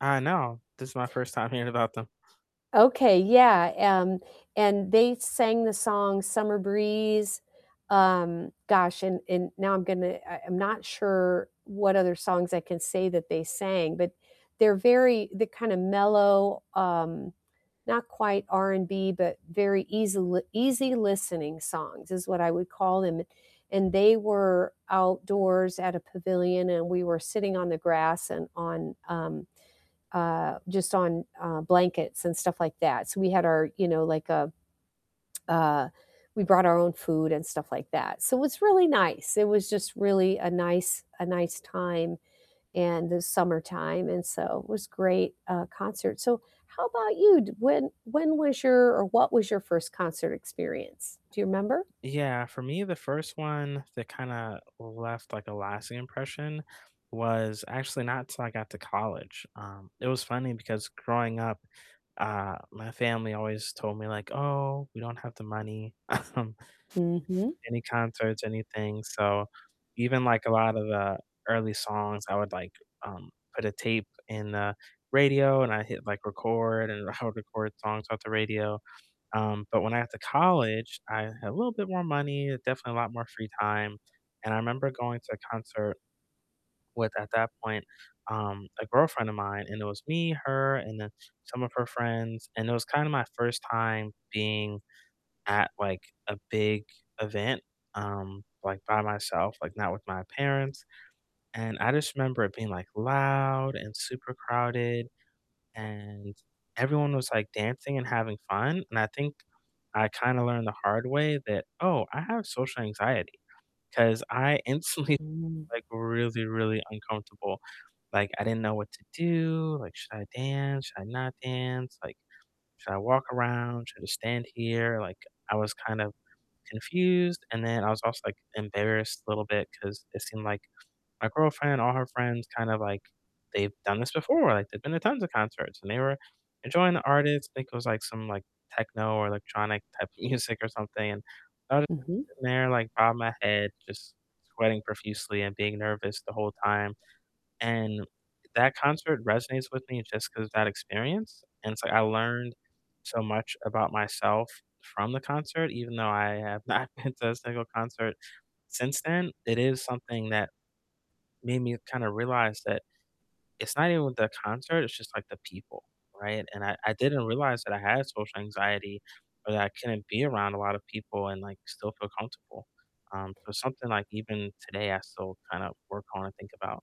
I know, this is my 1st time hearing about them. Okay, yeah, um, and they sang the song "Summer Breeze," um, gosh, and and now I'm gonna I I'm not sure what other songs I can say that they sang, but they're very they're kinda mellow, um, not quite R&B, but very easil easy listening songs is what I would call them, and they were outdoors at a pavilion, and we were sitting on the grass and on, um, uh, just on, uh, blankets and stuff like that, so, we had our, you know, like, a uh, we brought our own food and stuff like that, so, it was really nice, it was just really a nice a nice time in the summertime, and so, it was great, uh, concert, so, how about you? D when when was your or what was your 1st concert experience? Do you remember? Yeah, for me, the 1st one that kinda left, like, a lasting impression was actually not 'till I got to college, um, it was funny because growing up, uh, my family always told me like, "Oh, we don't have the money," um, Mhm. any concerts, anything so, even, like, a lot of the early songs, I would, like, um, put a tape in the radio, and I hit, like, record, and I would record songs off the radio. Um, but when I got to college, I had a little bit more money, definitely a lot more free time, and I remember going to a concert with, at that point, um, a girlfriend of mine, and it was me, her, and then some of her friends, and it was kinda my 1st time being at, like, a big event, um, like, by myself, like, not with my parents, and I just remember it being, like, loud and super crowded, and everyone was, like, dancing and having fun, and I think I kinda learned the hard way that, "Oh, I have social anxiety," 'cause I instantly Mm. like, really, really uncomfortable, like, I didn't know what to do, like, "Should I dance? Should I not dance? Like, should I walk around? Should I stand here?" Like, I was kind of confused, and then I was also, like, embarrassed a little bit 'cause it seemed like my girlfriend, all her friends kind of, like, they've done this before, like, they've been to tons of concerts, and they were enjoying the artist, I think it was, like, some, like, techno or electronic type of music or something, and I was just Mhm. sitting there, like, bobbing my head, just sweating profusely and being nervous the whole time, and that concert resonates with me just 'cause that experience, and it's, like, I learned so much about myself from the concert, even though I have not been to a single concert since then, it is something that made me kinda realize that it's not even with the concert, it's just, like, the people, right? And I I didn't realize that I had social anxiety or that I couldn't be around a lot of people and, like, still feel comfortable, um, so, something like, even today I still kinda work on and think about.